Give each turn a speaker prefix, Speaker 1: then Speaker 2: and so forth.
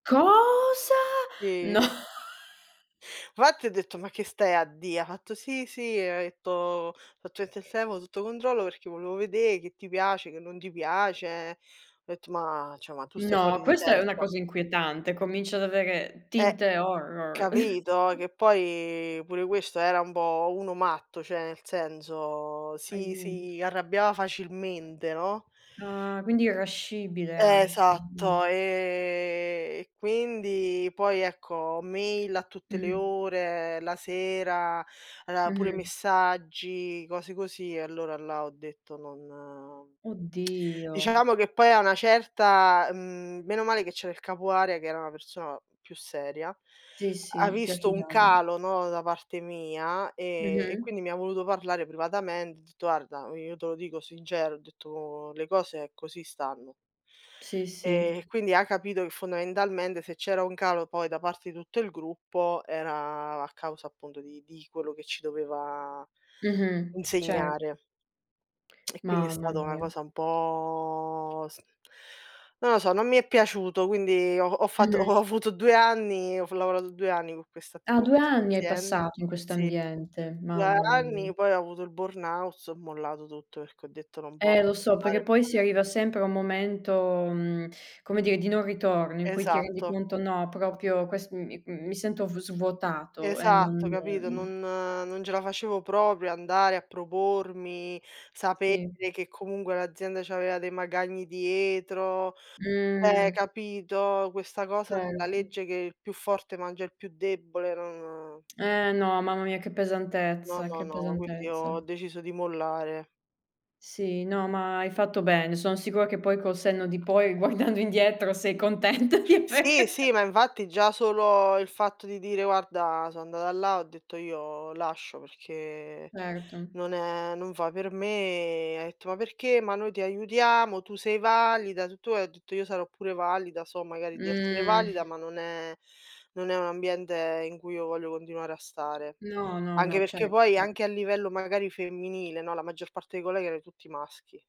Speaker 1: Cosa?
Speaker 2: Sì.
Speaker 1: No.
Speaker 2: Fatti ho detto: "Ma che stai a dì?" Ha fatto: "Sì, sì", e ha detto: "Ho fatto [unintelligible] sotto controllo perché volevo vedé che ti piace, che non ti piace". Ho etto: "Ma cioè ma tu stai
Speaker 1: No,
Speaker 2: fuori di
Speaker 1: questa è una
Speaker 2: testa".
Speaker 1: cosa inquietante, comincia ad avere
Speaker 2: Eh,
Speaker 1: tinte horror.
Speaker 2: capito? Che poi pure questo era un po' uno matto, cioè nel senso si
Speaker 1: Aiuto.
Speaker 2: si arrabbiava facilmente, no?
Speaker 1: Ah, quindi irascibile anche.
Speaker 2: Esatto, ehm,
Speaker 1: Mh.
Speaker 2: e quindi poi ecco mail a tutte le
Speaker 1: Mh-mh.
Speaker 2: ore, la sera, aveva pure
Speaker 1: Mh-mh.
Speaker 2: messaggi, cose così e allora là ho detto: "Non"
Speaker 1: Oh Dio.
Speaker 2: Dicevamo che poi a una certa, mhmm, meno male che c'era il capo area che era una persona più seria,
Speaker 1: Sì
Speaker 2: ha
Speaker 1: sì, più
Speaker 2: visto un
Speaker 1: agitato.
Speaker 2: calo, no, da parte mia, ehm, e
Speaker 1: Mh-mh.
Speaker 2: quindi mi voluto parlare privatamente. Ho detto: "Arda, io te lo dico sincera", ho detto: "Le cose così stanno".
Speaker 1: Sì,
Speaker 2: Ehm, e
Speaker 1: sì.
Speaker 2: quindi ha capito che fondamentalmente se c'era un calo poi da parte di tutto il gruppo era a causa appunto di di quello che ci doveva
Speaker 1: Mh-mh. Certo.
Speaker 2: insegnare. E quindi è
Speaker 1: Mamma
Speaker 2: stata una
Speaker 1: mia.
Speaker 2: cosa un po' s non lo so, non mi è piaciuto, quindi ho ho fatto
Speaker 1: Mh-mh.
Speaker 2: ho avuto 2 anni, ho f lavorato 2 anni in questa
Speaker 1: Ah,
Speaker 2: co'
Speaker 1: due
Speaker 2: questa t co'
Speaker 1: anni hai
Speaker 2: questa azienda
Speaker 1: passato in questo
Speaker 2: sì,
Speaker 1: ambiente.
Speaker 2: 2
Speaker 1: Mamma mia.
Speaker 2: anni, poi ho avuto il burnout ho mollato tutto, perché ho detto: "Non posso
Speaker 1: Eh lo so,
Speaker 2: stare
Speaker 1: perché poi si
Speaker 2: male".
Speaker 1: arriva sempre a un momento, mhmm, come dire, di non ritorno, in cui ti rendi
Speaker 2: Esatto.
Speaker 1: conto, no, proprio quest mi, mhmm, mi sento v svuotato e non,
Speaker 2: Esatto, capito?
Speaker 1: ehm
Speaker 2: Non non ce la facevo proprio andare a propormi, sapere
Speaker 1: Sì.
Speaker 2: che comunque l'azienda c'aveva dei magagni dietro. Eh,
Speaker 1: Mh.
Speaker 2: capito, questa cosa della
Speaker 1: Certo
Speaker 2: legge che il più forte mangia il più debole, non
Speaker 1: Eh no, mamma mia che
Speaker 2: No,
Speaker 1: pesantezza,
Speaker 2: no,
Speaker 1: che
Speaker 2: no, ma quindi ho
Speaker 1: pesantezza.
Speaker 2: deciso di mollare.
Speaker 1: Sì, no ma hai fatto bene. Son sicura che poi, col senno di poi, guardando indietro sei contenta di aver
Speaker 2: Sì, sì, ma infatti già solo il fatto di dire, guarda son andata là, ho detto: "Io lascio perché
Speaker 1: Certo.
Speaker 2: non è non fa per me". E ha etto: "Ma perché? Ma noi ti aiutiamo, tu sei valida, tutto e" ho detto: "Io sarò pure valida, so magari di essere
Speaker 1: Mh.
Speaker 2: valida, ma non è non è un ambiente in cui io voglio continuare a stare".
Speaker 1: No, no,
Speaker 2: Anche
Speaker 1: no,
Speaker 2: perché
Speaker 1: certo.
Speaker 2: poi
Speaker 1: [unintelligible]
Speaker 2: anche a livello magari femminile, no, la maggior parte dei colleghi era tutti maschi.